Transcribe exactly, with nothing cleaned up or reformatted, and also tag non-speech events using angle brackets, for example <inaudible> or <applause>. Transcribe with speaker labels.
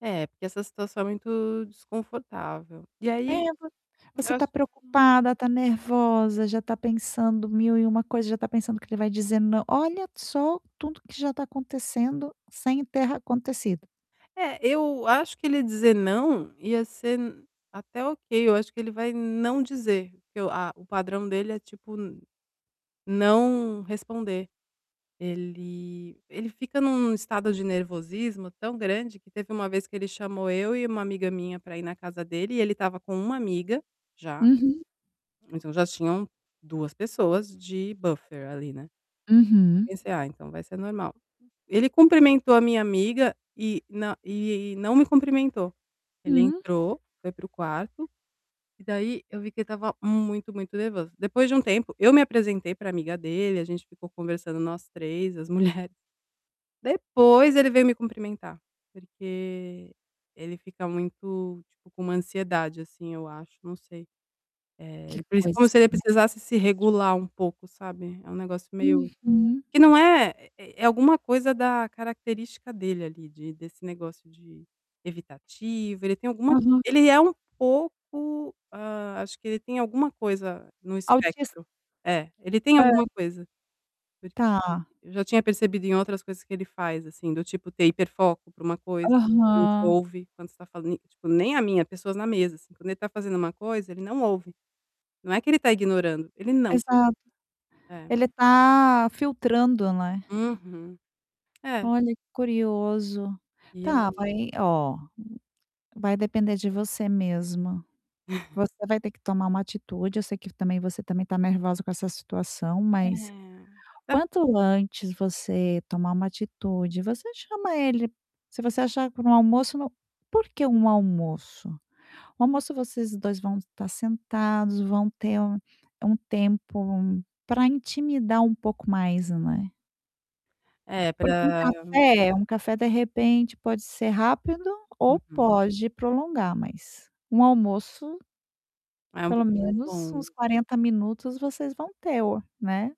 Speaker 1: É, porque essa situação é muito desconfortável. E
Speaker 2: É
Speaker 1: aí,
Speaker 2: voc
Speaker 1: eu
Speaker 2: você tá
Speaker 1: acho
Speaker 2: preocupada, tá nervosa, já tá pensando mil e uma coisa, já tá pensando que ele vai dizendo "não" olha só tudo que já tá acontecendo sem ter acontecido.
Speaker 1: É, eu acho que ele dizer "não", ia ser até ok. Eu acho que ele vai não dizer, porque o a o padrão dele é tipo, n não responder. Ele ele fica em um estado de nervosismo tão grande que teve uma vez que ele chamou eu e uma amiga minha pra ir na casa dele, e ele estava com uma amiga, já.
Speaker 2: Uhum.
Speaker 1: Então, já tinham duas pessoas de buffer ali, né, eu
Speaker 2: Uhum.
Speaker 1: pensei: "Ah, então vai ser normal", ele cumprimentou a minha amiga e na e não me cumprimentou. Ele
Speaker 2: Hum.
Speaker 1: entrou, foi para o quarto, e daí eu vi que ele estava muito, muito nervoso. Depois de um tempo eu me apresentei para amiga dele, a gente ficou conversando nós três, as mulheres. Depois ele veio me cumprimentar, porque ele fica muito, tipo, com uma ansiedade, assim, eu acho, não sei. Eh,
Speaker 2: Que
Speaker 1: o principal seria
Speaker 2: coisa
Speaker 1: se ele precisasse se
Speaker 2: mais
Speaker 1: regular um pouco, sabe, é um negócio meio
Speaker 2: Uhum.
Speaker 1: que não é é é alguma coisa da característica dele ali de desse negócio de evitativo. Ele tem alguma
Speaker 2: Aham.
Speaker 1: ele é um pouco hã, acho que ele tem alguma coisa no
Speaker 2: Autis
Speaker 1: espectro. É, ele tem
Speaker 2: Hã.
Speaker 1: alguma coisa, porque
Speaker 2: Tá.
Speaker 1: eu já tinha percebido em outras coisas que ele faz, assim, do tipo ter hiperfoco para uma coisa, não te
Speaker 2: Aham.
Speaker 1: ouve quando você tá falando. Tipo, nem a mim, a pessoas na mesa assim. Quando ele está fazendo uma coisa, ele não ouve. Não é que ele tá ignorando, ele não tá ouvindo.
Speaker 2: Exato.
Speaker 1: É.
Speaker 2: Ele tá filtrando, né.
Speaker 1: Uhum. É.
Speaker 2: Olha, curioso.
Speaker 1: E
Speaker 2: Tá,
Speaker 1: aí
Speaker 2: vai ó, vai depender de você mesma.
Speaker 1: <chuckles>
Speaker 2: Você vai ter que tomar uma atitude, eu sei que também você também tá nervosa com essa situação,
Speaker 1: É,
Speaker 2: mas
Speaker 1: é porque
Speaker 2: quanto antes você tomar uma atitude, você chama ele, se você achar para um almoço no por que um almoço? O almoço vocês dois vão estar sentados, vão ter um um tempo pra intimidar um pouco mais, né.
Speaker 1: É,
Speaker 2: Porque um
Speaker 1: pra
Speaker 2: café um café, de repente, pode ser rápido ou
Speaker 1: Uhum.
Speaker 2: pode prolongar, mas um almoço
Speaker 1: É um
Speaker 2: pelo
Speaker 1: pouco mais
Speaker 2: menos uns
Speaker 1: longo.
Speaker 2: quarenta minutos vocês vão ter o né.